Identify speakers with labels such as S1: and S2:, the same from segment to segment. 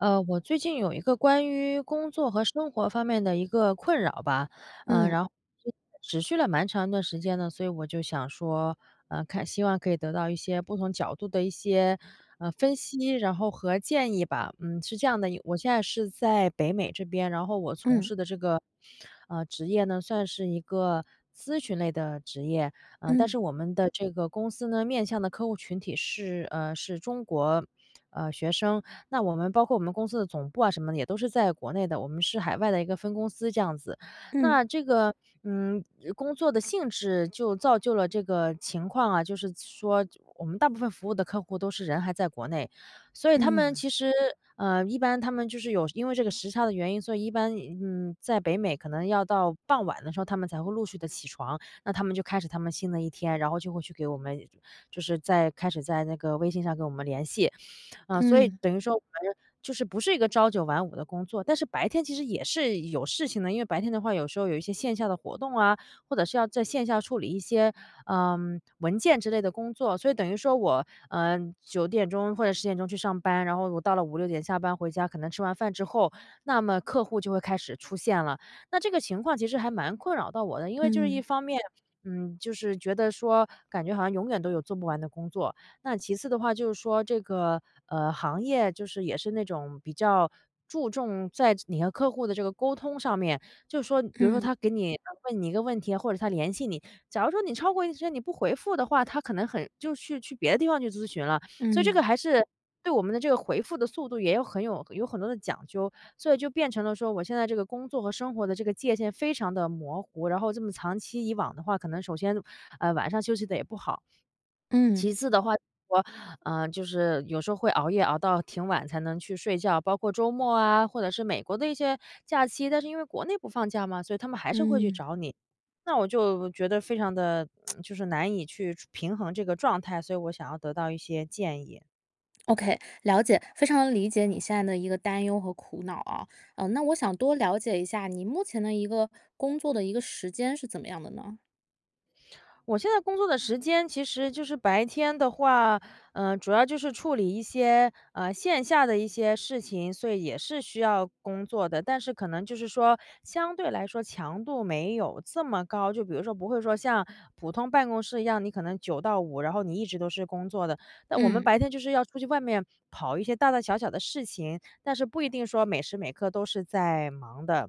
S1: 呃我最近有一个关于工作和生活方面的一个困扰吧。呃
S2: 嗯。
S1: 然后持续了蛮长一段时间的，所以我就想说，呃看希望可以得到一些不同角度的一些，呃分析，然后和建议吧。嗯，是这样的，我现在是在北美这边，然后我从
S2: 嗯。
S1: 事的这个，呃职业呢，算是一个咨询类的职业，呃但
S2: 嗯。
S1: 是我们的这个公司呢，面向的客户群体是，呃是中国呃学生，那我们包括我们公司的总部啊什么的，也都在国内的，我们是海外的一个分公司，这样子。那
S2: 嗯。
S1: 这个，嗯工作性质就造就了这个情况啊，就是说我们大部分服务的客户都是人都还在国内，所以他们
S2: 嗯。
S1: 其实，呃一般他们就是有因为这个时差的原因，所以一般，嗯在北美可能要到傍晚的时候，他们才会陆续地起床，那他们就开始他们新的一天，然后就会去给我们就是在开始在那个微信上跟我们联系。呃所以
S2: 嗯。
S1: 等于说反正就是不是一个朝九晚五的工作，但是白天其实也是有事情的，因为白天的话有时候有一些线下的活动啊，或者是要在线下处理一些，呃文件之类的工作，所以等于说我，呃9点钟或者10点钟去上班，然后我到了5、6点下班回家，可能吃完饭之后，那么客户就会开始出现了。那这个情况其实还蛮困扰到我的，因为就是一
S2: 嗯。
S1: 方面，嗯，就是觉得说，感觉好像永远都有做不完的工作。那其次的话就是说这个，呃这个行业也是那种比较注重在你和客户的这个沟通上面。就是说比如说
S2: 嗯。
S1: 他给你问一个问题，或者他联系你，假如说你超过1天，你不回复的话，他可能很就去去别的地方去咨询了，所以这个
S2: 嗯。
S1: 还是对我们的这个回复的速度也有很有有很多的讲究，所以就变成了说我现在这个工作和生活的界限非常地模糊，然后这么长期以往的话，可能首先，呃晚上的休息得也不好。
S2: 嗯。
S1: 其次的话，就是说，呃就是有时候会熬夜，熬到挺晚才能去睡觉。包括周末啊，或者是美国的一些假期但是因为国内不放假嘛，所以他们还是会去
S2: 嗯。
S1: 找你，那我就觉得非常地 就是难以去平衡这个状态，所以我想要得到一些建议。
S2: OK，了解。非常理解你现在的一个担忧和苦恼啊，嗯，那我想多了解一下你目前的一个工作的一个时间是怎么样的呢？
S1: 我现在工作的时间，其实就是白天的话，呃，主要就是处理一些，呃，线下的一些事情，所以也是需要工作的。但是可能就是说，相对来说强度没有这么高，就比如说不会说像普通办公室一样，你可能9到5，然后你一直都是工作的。那我们
S2: 嗯。
S1: 白天就是要出去外面，跑一些大大小小的事情，但是不一定说每时每刻都是在忙的。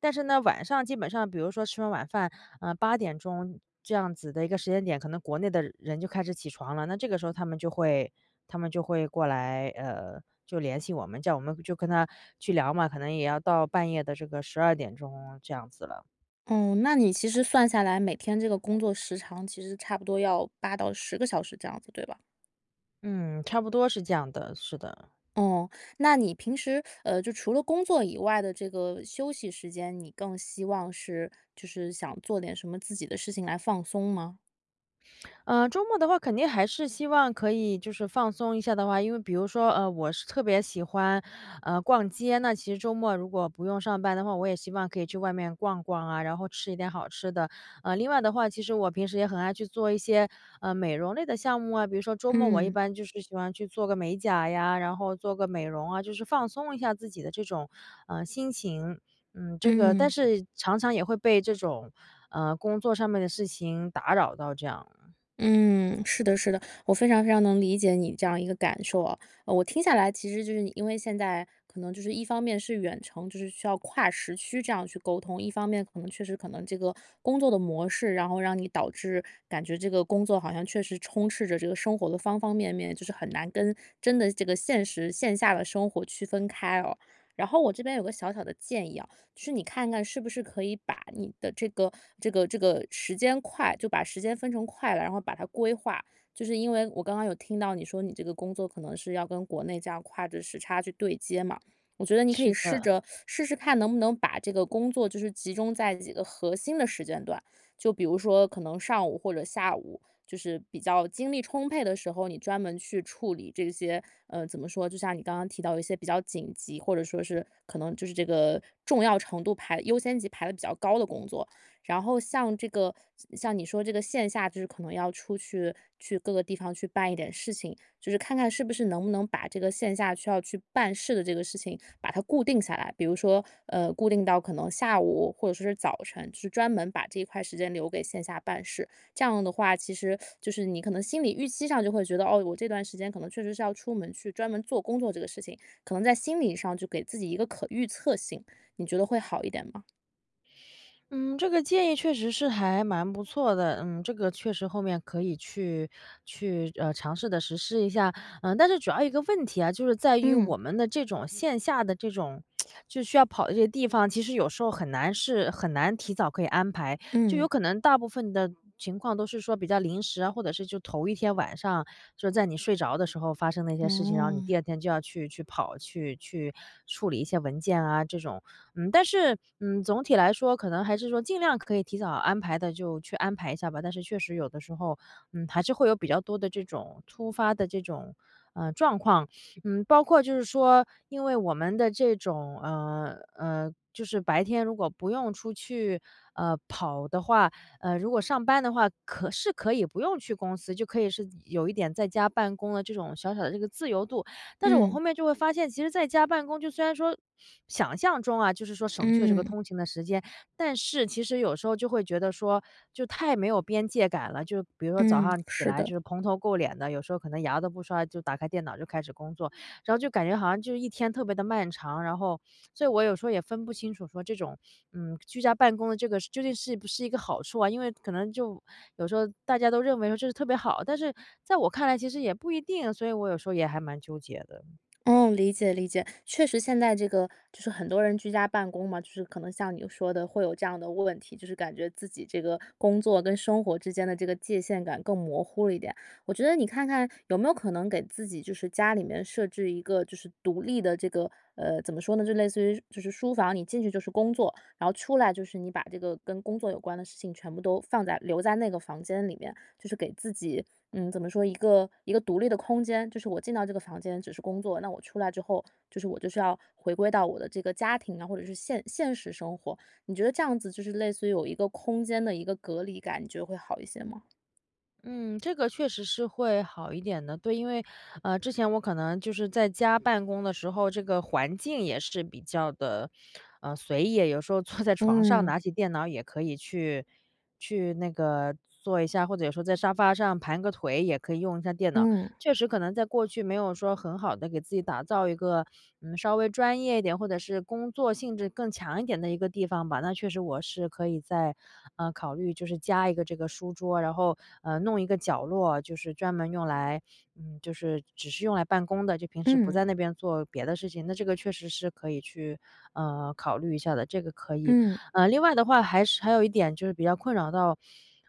S1: 但是呢，晚上基本上比如说吃完晚饭，呃，8点钟这样子的一个时间点，可能国内的人就开始起床了，那这个时候他们就会他们就会过来呃，就联系我们，叫我们就跟他去聊嘛，可能也要到半夜的这个12点钟这样子了。
S2: 哦，那你其实算下来，每天这个工作时长，其实差不多要8到10个小时这样子，对吧？
S1: 嗯，差不多是这样的，是的。
S2: 哦，那你平时，呃，就除了工作以外的这个休息时间，你更希望是就是想做点什么自己的事情来放松吗？
S1: 呃，周末的话，肯定还是希望可以就是放松一下的话，因为比如说，呃，我是特别喜欢，呃，逛街，那其实周末如果不用上班的话，我也希望可以去外面逛逛啊，然后吃一点好吃的。呃，另外的话，其实我平时也很爱去做一些，呃，美容类的项目啊，比如说周末我一
S2: 嗯。
S1: 般就是喜欢去做个美甲呀，然后做个美容啊，就是放松一下自己的这种，呃，心情。嗯，这个但
S2: 嗯。
S1: 是常常也会被这种，呃，工作上面的事情打扰到这样。
S2: 嗯，是的是的，我非常非常能理解你这样一个感受啊。呃，我听下来其实就是你因为现在可能就是一方面是远程，就是需要跨时区这样去沟通，一方面可能确实可能这个工作的模式，然后让你导致感觉这个工作好像确实充斥着这个生活的方方面面，就是很难跟真的这个现实线下的生活区分开哦。然后我这边有个小小的建议啊，就是你看看，是不是可以把你的这个这个这个时间块就把时间分成块了，然后把它规划。就是因为，我刚刚有听到你说你这个工作，可能是要跟国内这样跨着时差去对接嘛。我觉得你可
S1: 是
S2: 以试
S1: 的。
S2: 着 试试看，能不能把这个工作就是集中在几个核心的时间段，就比如说可能上午或者下午，就是比较精力充沛的时候，你专门去处理这些，呃，怎么说，就像你刚刚提到的一些比较紧急，或者说是可能就是这个重要程度排优先级排得比较高的工作。然后像这个像像你说这个线下，就是可能要出去，去各个地方去办一点事情，就是看看是不是能不能把这个线下需要去办事的这个事情，把它固定下来，比如说，呃，固定到可能下午，或者说是早晨，就专门把这一块时间留给线下办事。这样的话，其实就是你可能心里预期上就会觉得哦，我这段时间可能确实是要出门去专门做工作这个事情，可能在心理上就给自己一个可预测性，你觉得会好一点吗？
S1: 嗯，这个建议确实是还蛮不错的，嗯这个确实后面可以去去呃尝试地实施一下。呃但是主要一个问题啊，就是在于
S2: 嗯。
S1: 我们的这种线下的这种 就需要跑的这些地方，其实有时候很难是很难提早可以安排。就有
S2: 嗯。
S1: 可能大部分的情况都是说比较临时啊，或者是就头1天晚上就是在你睡着的时候发生的一些事情，然后你
S2: 嗯。
S1: 第2天就要去去跑，去去处理一些文件啊，这种。嗯但是，嗯总体来说，可能还是说尽量可以提早安排的就去安排一下吧。但是确实有的时候，嗯还是会有比较多的这种突发的这种，呃状况。嗯包括就是说因为我们的这种呃呃就是白天如果不用出去呃跑的话，呃如果上班的话，可是可以不用去公司就可以是有一点在家办公的这种小小的这个自由度。但是我
S2: 嗯。
S1: 后面就会发现，其实在家办公就虽然说想象中啊，就是说省去了这个
S2: 嗯。
S1: 通勤的时间，但是其实有时候就会觉得说就太没有边界感了。就比如说早
S2: 嗯，
S1: 上起
S2: 是
S1: 来
S2: 的。
S1: 就是蓬头垢脸的，有时候可能牙都不刷，就打开电脑就开始工作。然后就感觉好像就是一天特别地漫长，然后所以我有时候也分不清楚说这种，嗯居家办公的这个是究竟是不是一个好处啊。因为可能就有时候大家都认为说这是特别好，但是在我看来其实也不一定，所以我有时候也还蛮纠结的。
S2: 嗯，理解理解。确实现在这个就是很多人居家办公嘛，就是可能像你说的会有这样的问题，就是感觉自己这个工作跟生活之间的这个界限感更模糊了一点。我觉得你看看有没有可能给自己就是家里面设置一个就是独立的这个，呃怎么说呢，就类似于就是书房，你进去就是工作。然后出来就是你把这个跟工作有关的事情全部都放在留在那个房间里面，就是给自己，嗯怎么说，一个一个独立的空间。就是我进到这个房间只是工作，那我出来之后，就是我就是要回归到我的这个家庭啊，或者是现现实生活。你觉得这样子就是类似于有一个空间的一个隔离感，你觉得会好一些吗？
S1: 嗯，这个确实是会好一点的，对，因为呃，之前我可能就是在家办公的时候，这个环境也是比较地，呃，随意，有时候坐在床上
S2: 嗯。
S1: 拿起电脑也可以去去那个做一下，或者有时候在沙发上盘个腿，也可以用一下电脑，
S2: 嗯。
S1: 确实可能在过去，没有说很好地给自己打造一个，嗯，稍微专业一点，或者是工作性质更强一点的一个地方吧。那确实，我是可以再，嗯，考虑就是加一个这个书桌，然后，呃，弄一个角落，就是专门用来嗯，就是只是用来办公的，就平时不
S2: 嗯。
S1: 在那边做别的事情。那这个确实是可以去，呃，考虑一下的，这个可以。
S2: 嗯。
S1: 呃，另外的话还是还有一点，就是比较困扰到，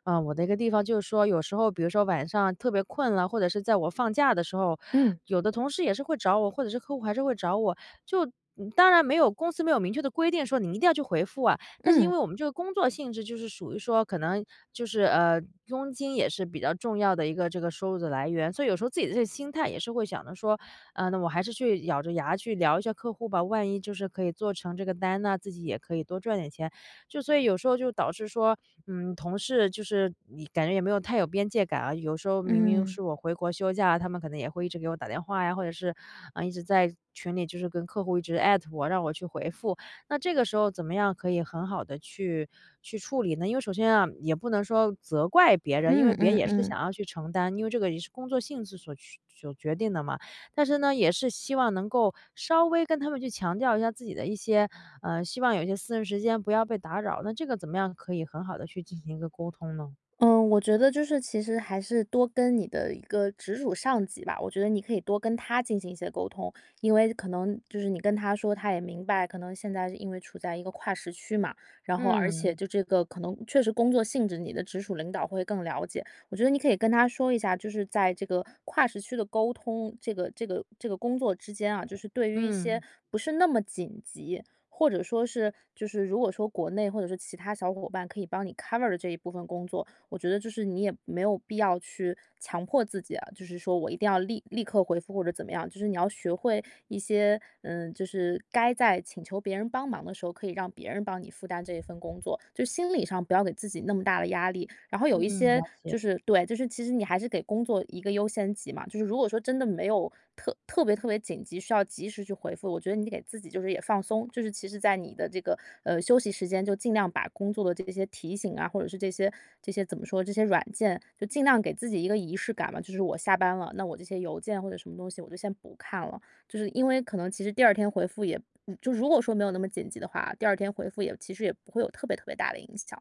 S1: 嗯，我的一个地方，就是说有时候，比如说晚上特别困了，或者是在我放假的时候，
S2: 嗯。
S1: 有的同事也是会找我，或者是客户还是会找我。就嗯，当然没有公司没有明确的规定，说你一定要去回复啊，但是因
S2: 嗯。
S1: 为我们这个工作性质，就是属于说可能就是呃，佣金也是比较重要的一个这个收入的来源，所以有时候自己的这个心态也是想着说，啊，那我还是去咬着牙去聊一下客户吧，万一就是可以做成这个单呢，自己也可以多赚点钱。就所以有时候，就导致说，嗯，同事就是以感觉也没有太有边界感啊，有时候明明
S2: 嗯。
S1: 是我回国休假，他们可能也会一直给我打电话呀，或者是，嗯，一直在群里，就是跟客户一直艾特我，让我去回复。那这个时候怎么样可以很好地去去处理呢？因为首先啊，也不能说责怪别人，因
S2: 嗯，
S1: 为别人
S2: 嗯，
S1: 也是想
S2: 嗯。
S1: 要去承担，因为这个也是工作性质所去所决定地嘛。但是呢，也是希望能够，稍微跟他们去强调一下自己的一些呃，希望有一些私人时间，不要被打扰。那这个怎么样可以很好地去进行一个沟通呢？
S2: 嗯，我觉得就是其实还是多跟你的一个直属上级吧，我觉得你可以多跟他进行一些沟通。因为可能就是你跟他说，他也明白，可能现在因为处在一个跨时区嘛，然后而且
S1: 嗯。
S2: 就这个可能确实工作性质，你的直属领导会更了解。我觉得你可以跟他说一下，就是在这个跨时区的沟通，这个这个这个工作之间啊，就是对于一些
S1: 嗯。
S2: 不是那么紧急，或者说是就是如果说国内或者说其他小伙伴，可以帮你 cover 的这一部分工作。我觉得就是你也没有必要去强迫自己啊，就是说我一定要立立刻回复或者怎么样，就是你要学会一些嗯，就是该在请求别人帮忙的时候，可以让别人帮你负担这一份工作，就是心理上不要给自己那么大的压力。然后有一
S1: 嗯，
S2: 些，
S1: 了解。
S2: 就是对，就是其实你还是给工作一个优先级嘛，就是如果说真的没有特特别特别紧急，需要及时去回复，我觉得你给自己就是也放松，就是其实在你的这个，呃，休息时间就尽量把工作的这个些提醒啊，或者是这些这些怎么说，这些软件，就尽量给自己一个仪式感嘛。就是我下班了，那我这些邮件或者什么东西，我就先不看了，就是因为可能其实第2天回复也嗯，就如果说没有那么紧急的话，第2天回复也其实也不会有特别特别大的影响。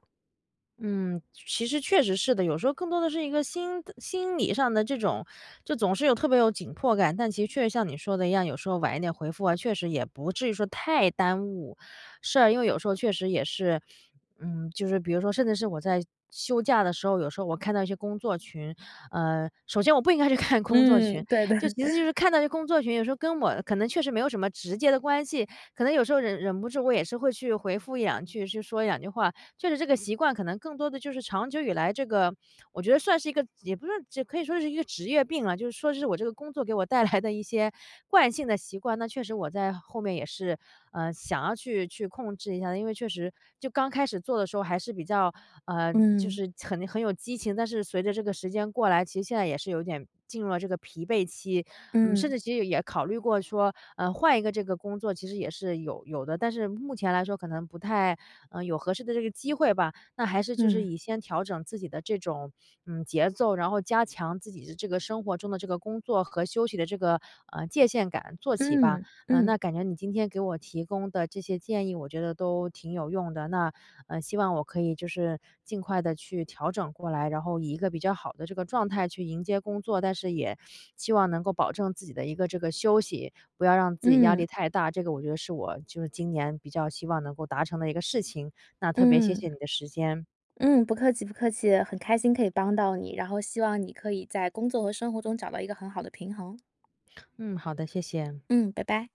S1: 嗯，其实确实是的。有时候更多的是一个心的心理上的这种就总是有特别有紧迫感。但其实确实像你说的一样，有时候晚一点回复啊，确实也不至于说太耽误。是啊，因为有时候确实也是嗯就是比如说甚至是我在休假的时候，有时候我看到一些工作群，呃首先我不应该去看工作群，
S2: 嗯，对的。
S1: 就其实就是 看到这工作群，有时候跟我可能确实没有什么直接的关系，可能有时候忍忍不住，我也是会去回复一两句，去说两句话。确实这个习惯可能更多地就是长久以来，这个我觉得算是一个也不是这可以说是一个职业病啦。就是说是我这个工作给我带来的一些惯性的习惯，那确实我在后面也是，呃想要去去控制一下。因为确实，就刚开始做的时候还是比较嗯就
S2: 嗯。
S1: 是很很有激情，但是随着这个时间过来，其实现在也是有点进入了这个疲惫期，嗯，甚
S2: 嗯。
S1: 至其实也考虑过说，呃换一个这个工作其实也是有有的。但是目前来说，可能不太，呃有合适的这个机会吧，那还是就是
S2: 嗯。
S1: 以先调整自己的这种嗯节奏，然后加强自己的这个生活中的工作和休息的这个，呃界限感做起吧。
S2: 嗯
S1: 呃那
S2: 嗯。
S1: 感觉你今天给我提供的这些建议，我觉得都挺有用的。那呃希望我可以就是尽快地去调整过来，然后以一个比较好的这个状态去迎接工作。但是也希望能够保证自己的一个这个休息，不要让自己压力
S2: 嗯。
S1: 太大。这个我觉得是我就是今年比较希望能够达成的一个事情，那特别谢谢
S2: 嗯。
S1: 你的时间。
S2: 嗯，不客气不客气。很开心可以帮到你，然后希望你可以在工作和生活中找到一个很好的平衡。
S1: 嗯，好的，谢谢。
S2: 嗯，拜拜。